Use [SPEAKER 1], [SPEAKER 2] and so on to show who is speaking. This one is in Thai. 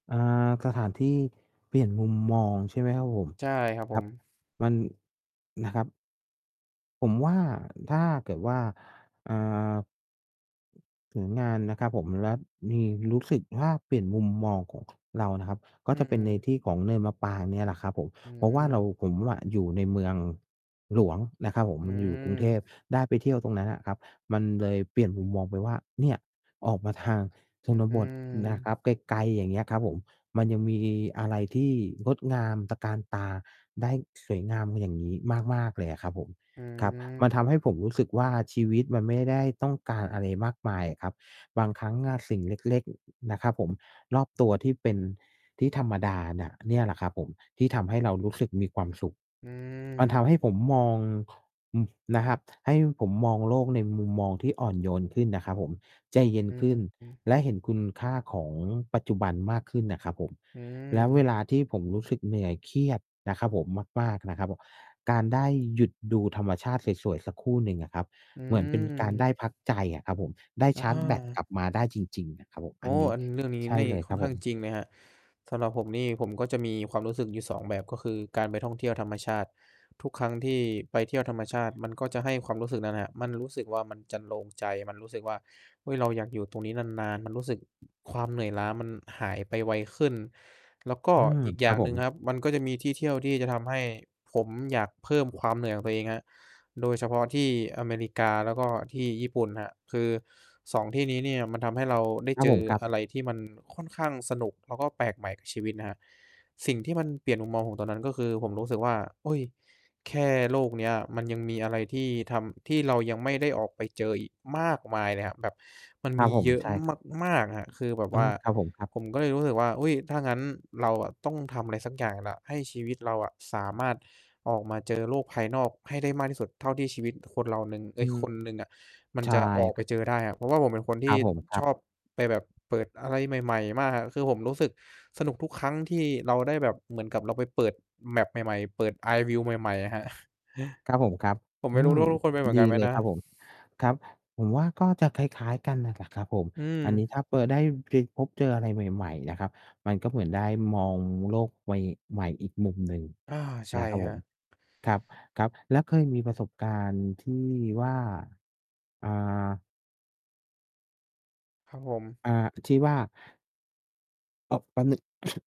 [SPEAKER 1] อา สถานที่เปลี่ยนมุมมองใช่ไหมครับผม?
[SPEAKER 2] ใช่ครับ
[SPEAKER 1] ค
[SPEAKER 2] ผ
[SPEAKER 1] รับ
[SPEAKER 2] ม
[SPEAKER 1] มัน นะครับ ผมว่า ถ้าเกิดว่า เอ่อ ถึงงานนะครับผม แล้วมี รู้สึกว่าเปลี่ยนมุมมองของ เรานะครับ ก
[SPEAKER 2] อ
[SPEAKER 1] ็
[SPEAKER 2] ื
[SPEAKER 1] จะเป็
[SPEAKER 2] ม
[SPEAKER 1] นใน
[SPEAKER 2] ๆ
[SPEAKER 1] ที่ของเนินมะปรางเนี่ยแหละครับผม
[SPEAKER 2] อื
[SPEAKER 1] เพราะว่าเรา
[SPEAKER 2] อ
[SPEAKER 1] ผมอะอยู่ในเมือง หลวงนะครับผม
[SPEAKER 2] อื
[SPEAKER 1] มันอยู่กรุงเทพ
[SPEAKER 2] ม
[SPEAKER 1] ได้ไปเที่ยวตรงนั้นน่ะครับ มันเลยเปลี่ยนมุมมองไปว่า เนี่ย ออกมาทางชน
[SPEAKER 2] อื
[SPEAKER 1] บทนะค
[SPEAKER 2] ม
[SPEAKER 1] รับ ไกล ๆ อย่างเงี้ยครับผม มันยังมีอะไรที่งดงามตระการตาได้สวยงาม อย่างงี้ มาก ๆ เลยอะครับผม
[SPEAKER 2] อื
[SPEAKER 1] ครับ มัน
[SPEAKER 2] ม
[SPEAKER 1] ทำให้ผมรู้สึกว่า ชีวิตมันไม่ได้ต้องการอะไรมากมายอะครับ บางครั้งอะสิ่งเล็ก ๆ นะครับผม รอบตัวที่เป็น ที่ธรรมดาน่ะ เนี่ยแหละครับผม ที่ทำให้เรารู้สึกมีความสุข
[SPEAKER 2] อื
[SPEAKER 1] มันท
[SPEAKER 2] ม
[SPEAKER 1] ำให้ผมมอง อืม นะครับ ให้ผมมองโลกในมุมมองที่อ่อนโยนขึ้นนะครับผม ใจ
[SPEAKER 2] อ
[SPEAKER 1] เย็นขึ้น
[SPEAKER 2] ืม
[SPEAKER 1] และเห็นคุณค่าของปัจจุบันมากขึ้นน่ะครับผม
[SPEAKER 2] อื
[SPEAKER 1] แล้วเว
[SPEAKER 2] ม
[SPEAKER 1] ลาที่ผมรู้สึกเหนื่อย เครียด นะครับผม มาก ๆ นะครับผม การได้หยุดดูธรรมชาติสวย ๆ สักครู่หนึ่งอะครับ
[SPEAKER 2] อื
[SPEAKER 1] เหมือนเป็นการได้
[SPEAKER 2] ม
[SPEAKER 1] พักใจอะครับผม ได้ช
[SPEAKER 2] อ
[SPEAKER 1] าร์จแบตก
[SPEAKER 2] า
[SPEAKER 1] ลับมาได้จริง ๆ น่ะครับผม
[SPEAKER 2] โอ
[SPEAKER 1] อั
[SPEAKER 2] ้!
[SPEAKER 1] นนี้
[SPEAKER 2] อัน เรื่องนี้
[SPEAKER 1] ใช่
[SPEAKER 2] นี่
[SPEAKER 1] เลย
[SPEAKER 2] ค่
[SPEAKER 1] คร
[SPEAKER 2] อ
[SPEAKER 1] ั
[SPEAKER 2] น
[SPEAKER 1] บ
[SPEAKER 2] ข้
[SPEAKER 1] ผ
[SPEAKER 2] าง
[SPEAKER 1] ม
[SPEAKER 2] จริงไหมครับ? สำหรับผมนี่ ผมก็จะมีความรู้สึกอยู่ 2 แบบ ก็คือการไปท่องเที่ยวธรรมชาติ ทุกครั้งที่ไปเที่ยวธรรมชาติ มันก็จะให้ความรู้สึกนั้นน่ะ มันรู้สึกว่ามันจรรโลงใจ มันรู้สึกว่า เฮ้ย! เราอยากอยู่ตรงนี้นาน ๆ มันรู้สึก ความเหนื่อยล้ามันหายไปไวขึ้น แล้วก็
[SPEAKER 1] อืม
[SPEAKER 2] อีก
[SPEAKER 1] ค
[SPEAKER 2] อย
[SPEAKER 1] ร
[SPEAKER 2] ่
[SPEAKER 1] ั
[SPEAKER 2] า
[SPEAKER 1] บ
[SPEAKER 2] ง
[SPEAKER 1] ผ
[SPEAKER 2] หนึ่งน
[SPEAKER 1] ม
[SPEAKER 2] ะครับ มันก็จะมีที่เที่ยวที่จะทำให้ผมอยากเพิ่มความเหนื่อยของตัวเองครับ โดยเฉพาะที่อเมริกา แล้วก็ที่ญี่ปุ่นครับ คือ 2 ที่นี้เนี่ย มันทำให้เราได้
[SPEAKER 1] ครั
[SPEAKER 2] เ
[SPEAKER 1] บ
[SPEAKER 2] จ
[SPEAKER 1] ผ
[SPEAKER 2] อ
[SPEAKER 1] ม ครับ
[SPEAKER 2] อะไรที่มันค่อนข้างสนุก แล้วก็แปลกใหม่กับชีวิตนะครับ สิ่งที่มันเปลี่ยนมุมมองผมตอนนั้น ก็คือ ผมรู้สึกว่า อุ๊ย! แค่โลกเนี้ยมันยังมีอะไรที่ทำ ที่เรายังไม่ได้ออกไปเจออีกมากมายเลยครับ แบบมัน
[SPEAKER 1] คร
[SPEAKER 2] ม
[SPEAKER 1] ับ
[SPEAKER 2] ี
[SPEAKER 1] ผม
[SPEAKER 2] เยอะ
[SPEAKER 1] ใช่ ครับ
[SPEAKER 2] มาก ๆ ครับ คือแบบ
[SPEAKER 1] อ
[SPEAKER 2] ว
[SPEAKER 1] ๋อ
[SPEAKER 2] ่า
[SPEAKER 1] ครับผมครับ
[SPEAKER 2] ผมก็เลยรู้สึกว่า อุ๊ย! ถ้างั้นเราอะต้องทำอะไรสักอย่างแล้ว ให้ชีวิตเราอะสามารถออกมาเจอโลกภายนอกให้ได้มากที่สุดเท่าที่ชีวิตคนเราหนึ่ง เอ
[SPEAKER 1] อื
[SPEAKER 2] ๊ย!
[SPEAKER 1] ม
[SPEAKER 2] คนหนึ่งอะมัน
[SPEAKER 1] ใช่
[SPEAKER 2] จะออก
[SPEAKER 1] ค
[SPEAKER 2] ไป
[SPEAKER 1] รับ
[SPEAKER 2] เจอได้อะ เพราะว่าผมเป็นคนท
[SPEAKER 1] คร
[SPEAKER 2] ี่
[SPEAKER 1] ับผม คร
[SPEAKER 2] ช
[SPEAKER 1] ับ
[SPEAKER 2] อบไปแบบเปิดอะไรใหม่ ๆ มาก คือผมรู้สึกสนุกทุกครั้งที่เราได้แบบเหมือนกับเราไปเปิด map ใหม่ ๆ เปิด eye view ใหม่ ๆ ครับ
[SPEAKER 1] ครับผม ครับ
[SPEAKER 2] ผมไ
[SPEAKER 1] อ
[SPEAKER 2] ม
[SPEAKER 1] ื
[SPEAKER 2] ่รู้
[SPEAKER 1] ม
[SPEAKER 2] รู้ทุุกคนเป็นเหมือ
[SPEAKER 1] ด
[SPEAKER 2] น
[SPEAKER 1] ี
[SPEAKER 2] กันไหม
[SPEAKER 1] เลย
[SPEAKER 2] นะ
[SPEAKER 1] ครับผม ครับ ผมว่าก็จะคล้าย ๆ กันน่ะกับ ครับผม
[SPEAKER 2] อื
[SPEAKER 1] อันนี้
[SPEAKER 2] ม
[SPEAKER 1] ถ้าไป ได้เคยพบเจออะไรใหม่ ๆ นะครับ มันก็เหมือนได้มองโลกใว ใหม่อีกมุมหนึ่ง
[SPEAKER 2] อา ใช่
[SPEAKER 1] นะครับ
[SPEAKER 2] คร
[SPEAKER 1] ผ
[SPEAKER 2] ั
[SPEAKER 1] ม
[SPEAKER 2] บ
[SPEAKER 1] ครับ ๆ แล้วเคยมีประสบการณ์ที่ว่า อ่า
[SPEAKER 2] ครับผม
[SPEAKER 1] อ่า ที่ว่า [unintelligible]